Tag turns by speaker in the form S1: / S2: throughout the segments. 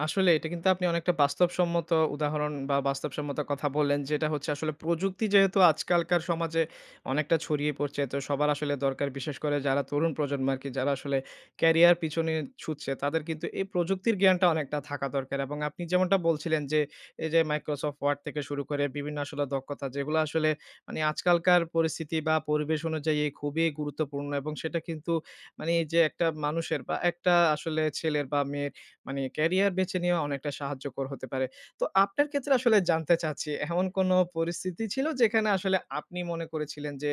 S1: আসলে এটা কিন্তু আপনি অনেকটা বাস্তবসম্মত উদাহরণ বা বাস্তবসম্মত কথা বললেন, যে এটা হচ্ছে আসলে প্রযুক্তি যেহেতু আজকালকার সমাজে অনেকটা ছড়িয়ে পড়ছে, তো সবার আসলে দরকার। বিশেষ করে যারা তরুণ প্রজন্ম আরকি যারা আসলে ক্যারিয়ার পিছনে ছুটছে তাদের কিন্তু এই প্রযুক্তির জ্ঞানটা অনেকটা থাকা দরকার এবং আপনি যেমনটা বলছিলেন যে, এই যে Microsoft Word থেকে শুরু বিভিন্ন আসলে দক্ষতা যেগুলা আসলে মানি আজকালকার পরিস্থিতি বা পরিবেশ অনুযায়ী এ খুবই গুরুত্বপূর্ণ এবং সেটা কিন্তু মানি এই যে একটা মানুষের বা একটা আসলে ছেলের বা মেয়ের মানি ক্যারিয়ার বেছে নেয়াও অনেকটা সাহায্যকর হতে পারে। তো আপনার ক্ষেত্রে আসলে জানতে চাচ্ছি এমন কোনো পরিস্থিতি ছিল যেখানে আসলে আপনি মনে করেছিলেন যে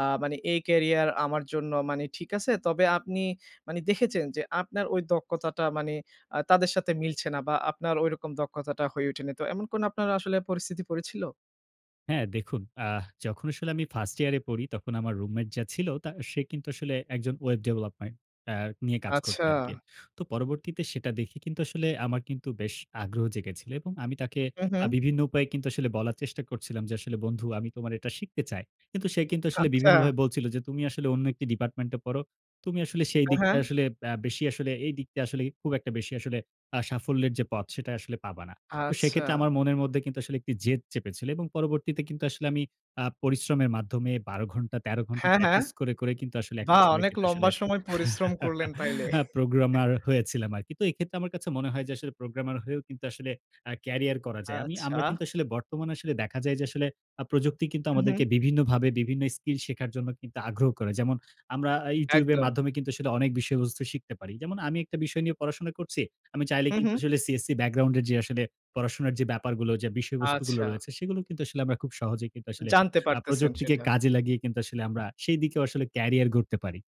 S1: আ মানি এই ক্যারিয়ার আমার জন্য মানি ঠিক আছে। তবে আপনি মানি দেখেছেন, যে আপনার ঐ দক্ষতাটা মানি আ তাদের সাথে মিলছে না বা আপনার ঐরকম দক্ষতাটা হয়ে ওঠেনি। তো এমন কোনো আপনার আসলে পরিস্থিতি পড়েছিল?
S2: হ্যাঁ দেখুন, আ যখন আসলে আমি ফার্স্ট ইয়ার এ পড়ি তখন আমার রুমমেট যা ছিল তা সে কিন্তু আসলে একজন ওয়েব ডেভেলপমেন্ট আ নিয়ে কাজ
S1: আচ্ছা।
S2: করতো আরকি। তো পরবর্তীতে সেটা দেখে কিন্তু আসলে আমার কিন্তু বেশ আগ্রহ জেগেছিলো এবং আমি তাকে
S1: হু,
S2: আ
S1: হু।
S2: বিভিন্ন উপায়ে কিন্তু আসলে বলার চেষ্টা করছিলাম যে আসলে, "বন্ধু আমি তোমার এটা শিখতে চাই।" কিন্তু সে কিন্তু আসলে
S1: আচ্ছা।
S2: বিভিন্নভাবে বলছিল যে, "তুমি আসলে অন্য একটি ডিপার্টমেন্ট এ পড়ো। তুমি আসলে সেই
S1: হ্যাঁ, হ্যাঁ।
S2: দিকটায় আসলে আ বেশি আসলে এই দিকটা আসলে খুব একটা বেশি আসলে আ সাফল্যের যে পথ সেটা আসলে পাবা না।" তো
S1: আচ্ছা।
S2: সেক্ষেত্রে আমার মনের মধ্যে কিন্তু আসলে একটি জেদ চেপেছিল এবং পরবর্তীতে কিন্তু আসলে আমি আ পরিশ্রমের মাধ্যমে ১২ ঘন্টা ১৩ ঘন্টা
S1: হ্যাঁ, হ্যাঁ।
S2: প্র্যাকটিস করে, করে কিন্তু আসলে একটা
S1: বা
S2: সময়
S1: অনেক
S2: কিন্তু আসলে
S1: লম্বা সময় পরিশ্রম করলেন তাইলে।
S2: প্রোগ্রামার হয়েছিলাম আরকি। তো এক্ষেত্রে আমার কাছে মনে হয় যে আসলে প্রোগ্রামের হয়েও কিন্তু আসলে আ ক্যারিয়ার করা যায়। আমি, আমরা
S1: আচ্ছা।
S2: কিন্তু আসলে বর্তমানে আসলে দেখা যায় যে আসলে আ প্রযুক্তি কিন্তু
S1: হু, হু।
S2: আমাদেরকে বিভিন্নভাবে বিভিন্ন স্কিল শেখার জন্য কিন্তু আগ্রহ করে। যেমন আমরা এ YouTube এর
S1: একদম।
S2: মাধ্যমে কিন্তু আসলে অনেক বিষয়বস্তু শিখতে পারি। যেমন আমি একটা বিষয় নিয়ে পড়াশোনা করছি। আমি চাইলে
S1: হু,
S2: কিন্তু
S1: হু।
S2: আসলে CSC ব্যাকগ্রাউন্ড এ যে আসলে পড়াশোনার যে ব্যাপারগুলো যে বিষয়বস্তুগুলো
S1: আচ্ছা।
S2: রয়েছে সেগুলো কিন্তু আসলে আমরা খুব সহজেই কিন্তু আসলে
S1: জানতে
S2: আ
S1: পারতেছেন
S2: প্রযুক্তিকে
S1: সেটা।
S2: কাজে লাগিয়ে কিন্তু আসলে আমরা সেইদিকেও আসলে ক্যারিয়ার গড়তে পারি।